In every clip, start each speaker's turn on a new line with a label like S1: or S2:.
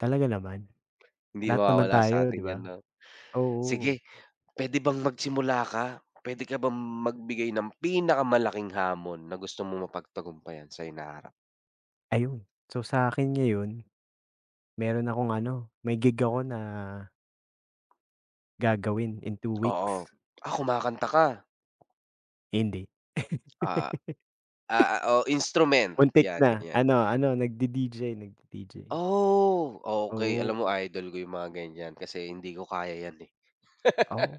S1: Talaga naman.
S2: Hindi
S1: Lahat naman
S2: mawawala sa
S1: tayo
S2: atin
S1: di ba?
S2: 'yan 'no.
S1: Oo.
S2: Sige, puwede bang magsimula ka? Puwede ka bang magbigay ng pinakamalaking hamon na gusto mong mapagtagumpayan sa hinaharap?
S1: Ayon. So, sa akin ngayon, meron akong ano, may gig ako na gagawin in 2
S2: Oo.
S1: weeks.
S2: Ah, kumakanta ka.
S1: Hindi.
S2: Ah ah oh instrument
S1: Muntik
S2: 'yan
S1: na.
S2: gan'yan.
S1: Ano ano nagdi-DJ, nagdi-DJ.
S2: Oh okey, alam mo
S1: Oo.
S2: idol ko yung mga ganyan kasi hindi ko kaya yan eh.
S1: Oh.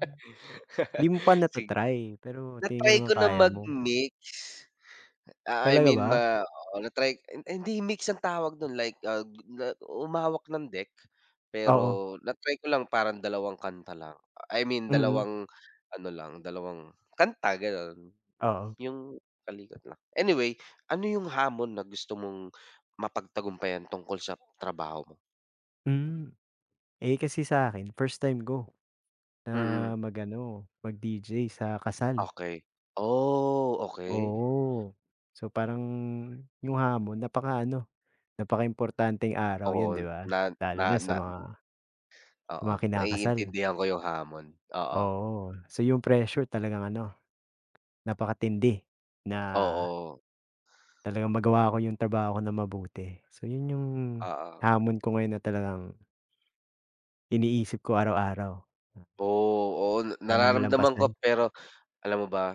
S1: 'Di mo pa
S2: Sige.
S1: nata-try pero tingin ko
S2: Na-try
S1: naman
S2: ko na
S1: kaya mo.
S2: mag-mix. Ah, I
S1: Talaga
S2: mean
S1: ba?
S2: ma oo, na-try ay hindi mix ang tawag do'n like ah, humawak ng deck
S1: Oo.
S2: pero na-try ko lang, parang dalawang kanta lang. I mean,
S1: Mm.
S2: dalawang ano lang, dalawang kanta gano'n.
S1: Oo.
S2: 'Yong kalikot lang. Anyway, ano 'yong hamon na gusto mong mapagtagumpayan tungkol sa trabaho mo?
S1: Hmm. Eh kasi sa akin, first time ko. Na
S2: Mm.
S1: mag-ano, mag-DJ sa kasal.
S2: Okey. Oh, okey.
S1: Oo. So, parang yung hamon napaka ano, napakaimportanteng araw 'yon
S2: Oo,
S1: 'di ba?
S2: na na
S1: Lalo na sa
S2: na
S1: mga sa
S2: oo,
S1: mga kinakasal.
S2: naiintindihan ko yung hamon. Oo.
S1: Oo. So, 'yong pressure talagang ano, napakatindi, na
S2: Oo.
S1: talagang magawa ko yung trabaho ko na mabuti. So 'yon yung
S2: Oo.
S1: hamon ko ngayon na talagang niisip ko araw-araw.
S2: Oh, oo,
S1: Sana
S2: nararamdaman ko
S1: malampasan.
S2: pero alam mo ba